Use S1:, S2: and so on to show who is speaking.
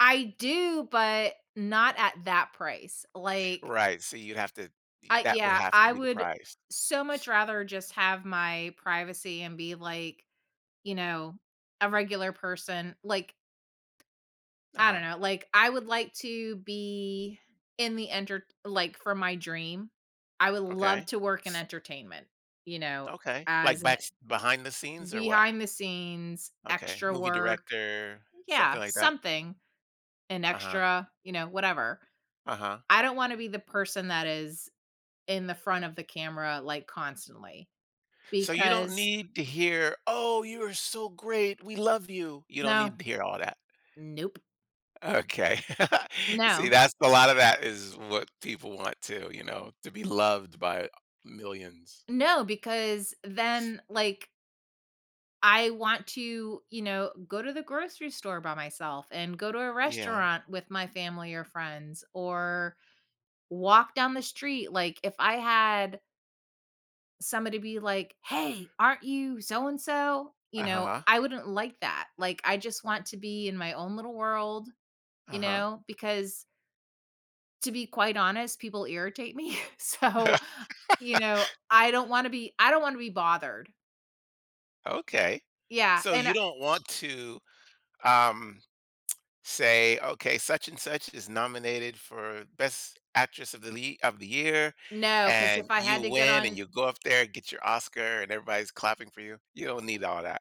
S1: I do, but not at that price, like
S2: Right, so you have to e
S1: I
S2: that would
S1: Yeah,
S2: have to
S1: I
S2: be the
S1: would
S2: price.
S1: so much rather just have my privacy and be, like, you know, a regular person, like I
S2: Uh-huh.
S1: don't know, like, I would like to be in the entert like, for my dream, I would love
S2: Okay.
S1: to work in entertainment, you know,
S2: Okay, like,
S1: as an
S2: backs behind the scenes or what?
S1: Behind the scenes,
S2: Okay,
S1: extra
S2: movie
S1: work
S2: director,
S1: Yeah,
S2: something like that?
S1: something, an
S2: Uh-huh.
S1: extra, you know, whatever.
S2: Uh-huh.
S1: I don't wanna be the person that is in the front of the camera, like, constantly,
S2: So, you don't
S1: because
S2: need to hear, "Oh, you are so great. We love you." You don't
S1: No.
S2: need to hear all that?
S1: Nope.
S2: Okay, see,
S1: No.
S2: that's a lot of that is what people want too, you know, to be loved by millions.
S1: No, because then, like I want to, you know, go to the grocery store by myself, and go to a
S2: Yeah.
S1: restaurant with my family or friends, or walk down the street, like, if I had somebody be like, "Hey, aren't you so-and-so?" you
S2: Uh-huh
S1: know,
S2: huh.
S1: I wouldn't like that, like, I just want to be in my own little world, you
S2: Uh-huh.
S1: know, because to be quite honest, people irritate me, so, you know, I don't wanna be I don't wanna be bothered.
S2: Okay,
S1: Yeah,
S2: so,
S1: and
S2: you
S1: a
S2: don't want to, um, say, "Okay, such-and-such is nominated for Best Actress of the Lea of the Year,"
S1: No, 'cause if
S2: and
S1: I
S2: you
S1: had to get
S2: win, and
S1: on
S2: you go up there, and get your Oscar, and everybody's clapping for you, you don't need all that.